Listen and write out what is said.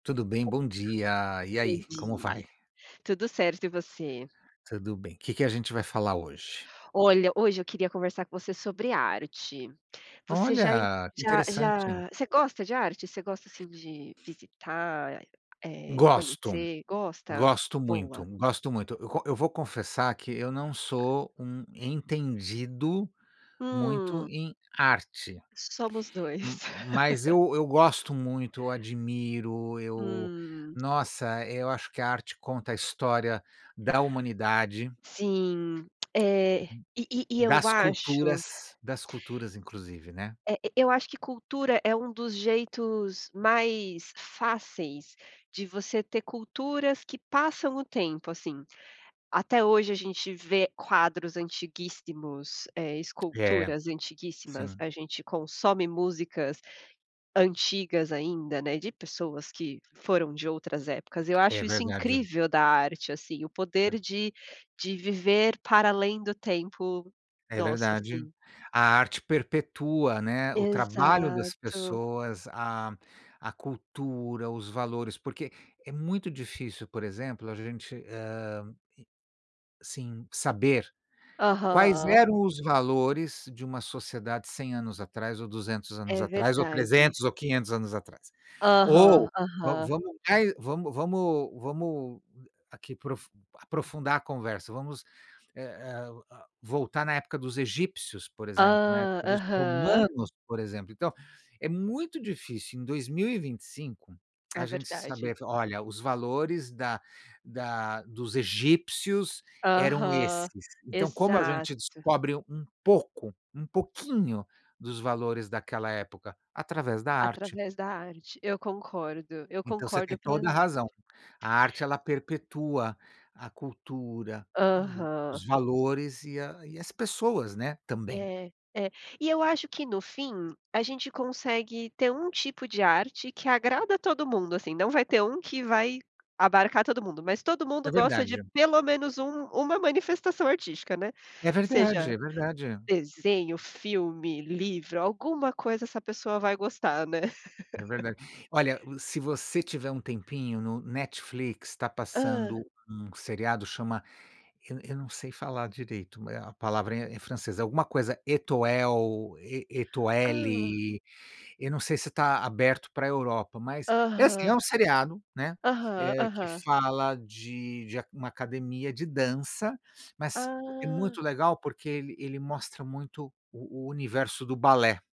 Tudo bem, bom dia. E Bom aí, como dia. vai? Tudo certo e você? Tudo bem. Que que a gente vai falar hoje? Olha, hoje eu queria conversar com você sobre arte. Você já em Olha, que já interessante. já você gosta de arte? Você gosta, assim, de visitar, eh, Gosto. conhecer. Gosta? Gosto muito, Boa. gosto muito. Eu co eu vou confessar que eu não sou um entendido muito Hum. em arte, Somos m 2. mas eu eu gosto muito, eu admiro, eu, Hum. nossa, eu acho que a arte conta a história da humanidade. Sim. É. E e e eu Das acho culturas das culturas inclusive, né. Eh, e eu acho que cultura é um dos jeitos mais fáceis de você ter culturas que passam o tempo, assim. Até hoje a gente vê quadros antiguíssimos, eh, É, esculturas antiguíssimas, sim. a gente consome músicas antigas ainda, né, de pessoas que foram de outras épocas, eu É acho isso verdade. incrível da arte, assim, o poder É. de de viver para além do tempo É nosso, verdade. assim. A arte perpetua, né, o trabalho das Exato. pessoas, a a cultura, os valores, porque é muito difícil, por exemplo, a gente, hã, e sim, saber quais Aham. eram os valores de uma sociedade 100 anos atrás ou 200 anos É atrás, ou verdade. 300 ou 500 anos atrás. Aham, Ou va aham. vamos mai vamos vamos vamos aqui profu aprofundar a conversa, vamos, eh eh, ah, voltar na época dos egípcios, por exemplo, na Ah, época dos aham. romanos, por exemplo, então é muito difícil em 2025, a É gente verdade. saber: "Olha, os valores da da dos egípcios eram Aham, esses". Então, como a exato. gente descobre um pouco, um pouquinho dos valores daquela época? Através da arte. Através da arte. Eu concordo, eu Então você concordo tem toda a plenamente. razão. A arte ela perpetua a cultura, e Aham. os valores, e a as pessoas, né, também. É, é. E eu acho que no fim, a gente consegue ter um tipo de arte que agrada todo mundo, assim, não vai ter um que vai abarcar todo mundo, mas todo mundo É gosta de verdade. pelo menos um uma manifestação artística, né. É verdade, Seja é verdade. desenho, filme, livro, alguma coisa essa pessoa vai gostar, né. É verdade. Olha, uh, se você tiver um tempinho, no Netflix tá Hã. passando um seriado chama eu eu não sei falar direito, eh, a palavra é é em francês, alguma coisa Etoel, E E Hã. Étoile, eu não sei se tá aberto pra Europa, mas é assim, é Aham. um seriado, né, Aham, eh, que aham. fala de de a uma academia de dança, mas é muito Ah. legal, porque ele ele mostra muito o o universo do balé.